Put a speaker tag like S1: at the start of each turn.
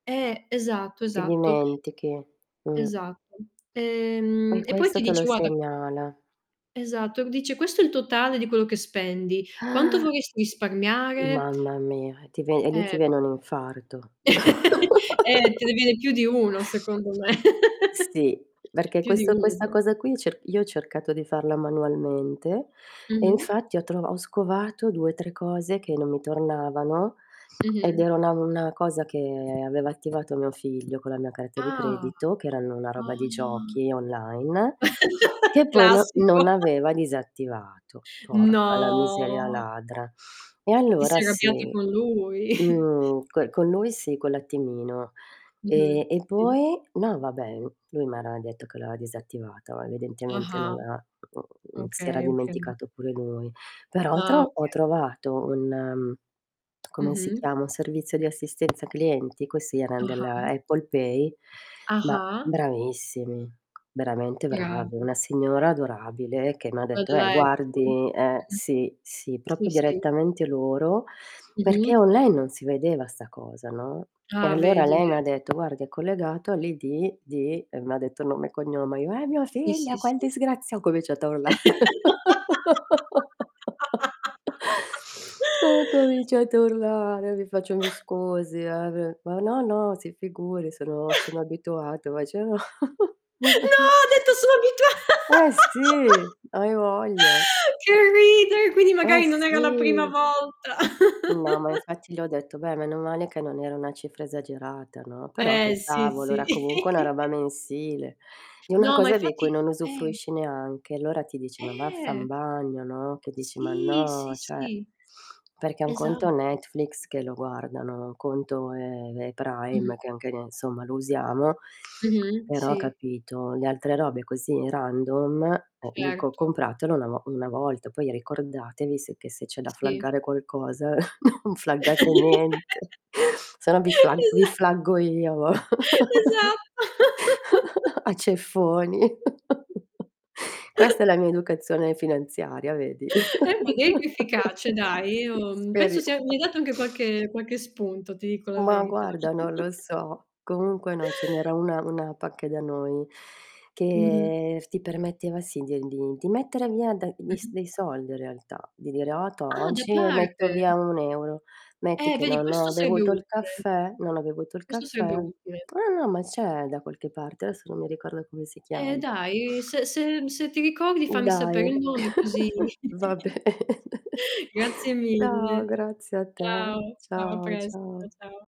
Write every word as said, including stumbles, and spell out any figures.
S1: Eh, esatto,
S2: Ti
S1: esatto.
S2: dimentichi. Mh.
S1: Esatto.
S2: E
S1: Ehm, e poi
S2: questo
S1: ti
S2: te lo
S1: dice guada
S2: segnala.
S1: Esatto. Uhm, dice: "Questo è il totale di quello che spendi. Quanto
S2: Ah!
S1: vorresti risparmiare?"
S2: Mamma mia, e ti ve e lì ti
S1: Eh.
S2: viene un infarto.
S1: Eh, te ne viene più di uno secondo me.
S2: Sì. Perché
S1: Più di
S2: questo questa
S1: uno.
S2: cosa qui, cer io ho cercato di farla manualmente e
S1: Mh-mh.
S2: infatti ho trova ho scovato due tre cose che non mi tornavano, ed
S1: Mh-mh.
S2: era una una cosa che aveva attivato mio figlio con la mia carta di
S1: Ah.
S2: credito, che erano una roba di
S1: Ah.
S2: giochi online, che poi no
S1: Classico.
S2: non aveva disattivato. Porca la miseria
S1: No.
S2: ladra. E
S1: Ti
S2: allora
S1: sei arrabbiato
S2: sì.
S1: con lui.
S2: Mhmm, coi co' lui sì quell'attimino.
S1: Mh-mh,
S2: Ehm, e
S1: sì.
S2: poi no, vabbè, uhm, lui ara detto che la avea disattivata, evidentemente non
S1: Ah-ah.
S2: la ha si era
S1: Okay, okay.
S2: dimenticato pure lui. Però
S1: Ah,
S2: tro ho
S1: oka.
S2: trovato un uhm, come si
S1: Mh-mh.
S2: chiama? Un servizio di assistenza clienti. Questi eran
S1: Ah-ah.
S2: della
S1: Mh.
S2: Apple Pay, ma
S1: Ah-ah.
S2: bravissimi, veramente bravi.
S1: Chiaro.
S2: Una signora adorabile che m'ha
S1: Vai
S2: detto "Eh,
S1: dalla Apple.
S2: guardi" eh,
S1: Mh-mh.
S2: sì, sì,
S1: Sì,
S2: propio
S1: sì.
S2: direttamente loro, perché
S1: Mh-mh.
S2: online non si vedeva 'sta cosa, no, e
S1: Ah,
S2: allora
S1: vedi
S2: lei
S1: ve
S2: m'ha detto: "Guardi è collegato all'I-D di" e m'ha detto nome e cognome. Io: "È mio
S1: Sì,
S2: figlio,
S1: sì,
S2: che
S1: sì.
S2: disgrazia" Co vece [unintelligible] là. Ho cominciato a urlare. Li faccio: "Mi scusi, eh, v" "Ma no, no, si figuri. Sono sono abituato." [unintelligible] no
S1: No, ha detto: "Sò abitua"
S2: Eh, sì, hai voglia.
S1: Che ridere, quindi
S2: Eh,
S1: magari non era la prima
S2: sì.
S1: volta.
S2: No, ma infatti gli ho detto: "Beh, meno male che non era una cifra esagerata, no?" Però
S1: Eh,
S2: che
S1: sì,
S2: cavolo,
S1: sì.
S2: era comunque una roba mensile. Di una
S1: No, ma
S2: cosa di cui
S1: infatti
S2: non
S1: eh [unintelligible]
S2: usufruisci neanche. Allora ti dici: "Ma vaffa n'
S1: Eh.
S2: bagno, no?" Che dici: "Ma
S1: Sì,
S2: no,
S1: sì,
S2: ceh."
S1: sì.
S2: Perché un conto è
S1: Esatto.
S2: Netflix che lo guardano. Un conto è è Prime,
S1: Mh-mh.
S2: che anche ne somma lo usiamo.
S1: Mh-mh.
S2: Però
S1: Sì.
S2: capito, le altre robe così random, eh. Dico:
S1: Certo.
S2: "Compratelo na vo una volta, poi ricordatevi se che se c'è da
S1: Sì.
S2: flaggare qualcosa, u flaggate niente. Se no, vi flag vi
S1: Esa
S2: flaggo io a vo
S1: Esa
S2: a ceffoni." Questa è la mia educazione finanziaria, vedi.
S1: [unintelligible] efficace
S2: Ah,
S1: dai. Io
S2: sì,
S1: penso
S2: speria
S1: sia mi hai dato anche qualche qualche spunto, ti dico la
S2: Ma
S1: verità.
S2: guarda, non lo so. Comunque no, ce n'era una una pacche da noi,
S1: Mh-mh.
S2: che f ti permetteva sì, di e n di di mettere via da dis
S1: Mh-mh.
S2: dei solde realtà. Di dire: "Ah, tò,
S1: Ah, da
S2: occi ne metto
S1: parte?
S2: via un euro." Metti
S1: Eh,
S2: che
S1: vedi
S2: non
S1: questo
S2: ho
S1: seebbe
S2: bevuto il
S1: utile.
S2: caffè non ho bevuto il
S1: Questo sarebbe
S2: caffè
S1: utile.
S2: No, no, ma c'è da qualche parte, adesso non mi ricordo come si
S1: Eh,
S2: chiam
S1: dai, se se, mhmm, se ti ricordi fammi sapere
S2: Dai.
S1: il nome così
S2: Va ben
S1: Grazie
S2: No,
S1: mille.
S2: grazie a te.
S1: Ciao, ciao, a
S2: Ciao,
S1: presto.
S2: ciao.
S1: Ciao.